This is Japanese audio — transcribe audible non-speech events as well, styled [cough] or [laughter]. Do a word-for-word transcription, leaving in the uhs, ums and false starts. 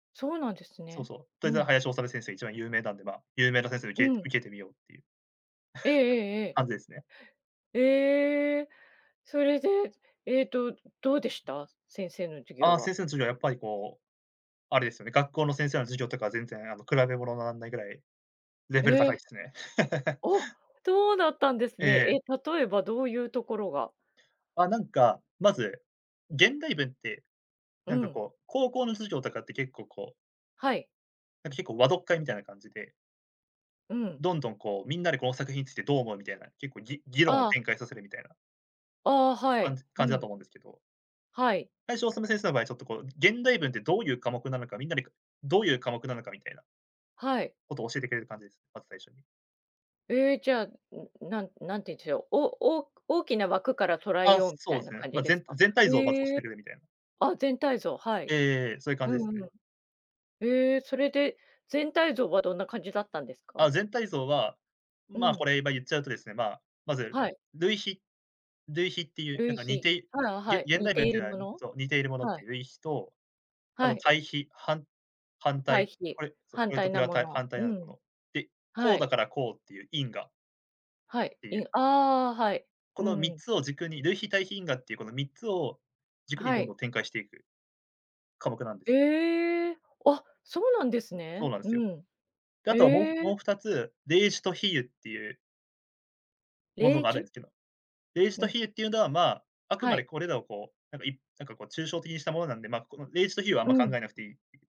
そうなんですそうね、そう、とうえざん。林修先生一番有名なんで、ま、有名な先生をう受け受ん。けてみようっていう、ええええ [chuckles] ええ。感じですね。ええ。それで、ええと、うどうでした？す先生の授あ業あ、は。先生の授業はやっぱりこう、あれですよね、学校の先生の授業とか全然あの、比べ物なんないぐらい、レえベル高いえ。すね。[chuckles] お、とうだったあ、んですえね。え、え。例えばどういうところが？あ、なんか、まず、現代文って、うなんかん。こう、高校の授業とかって結構こうはい。なん、結構和読会みたいな感じでうん。どんどんこう、みんなでこの作品についてどう思うみたいな、結構ぎ議論をああ。展開させるみたいなああ、は感い。じう感じだとん。思うんですけど。はい。林修先生の場合ちょっとこう、現代文ってどういう科目なのか、みんなでかどういう科目なのかみたいなはい。ことを教えてくれる感じです、まず最初に。ええ、じゃ、ん、なんなんていて、おおおおく大きな枠から捉えあ、ようたそいうなすね。感じまあ、でぜすんか？全体像をまずおしへえ。てくれみたいな。あ、全体像、はえい。えええええ。そういう感うじですんうん。ね。ええ、それで、全体像はどんな感じだったんですか？あ、全体像は、うまあ、ん。これ今言っちゃうとですね、まあ、まず、はい。類比類比っていうな類んか似比。ていあ、げはい、現似代て文っいているうのは、もにの？そう、似ているものっはてい。いう類比と、あはのい。対比、はん反対対、比。これ、そ、こ反れと対こなれはもたいの。反対うあるもん。の。で、こはうだい。からこうっていう因果はい、ていいんう。ああ、はい。こうのみっん。つを軸に、類比、対比、因果っていうこのみっつを、軸にはどんい。どん展開していく、科目なんです。ええ、あ、そうなんですそうね。なるうすよ。ん。で、あえとは、もうもうえ。ふたつ例示と比喩っていうもれのいがあるき？んけど。例示うとん。比喩っていうのはまあ、あくはまでい。これらをこう、なんかいなんかこう抽象的にしたものなんで、まあ、この例示と比喩はあんうま考ん。えなくていい。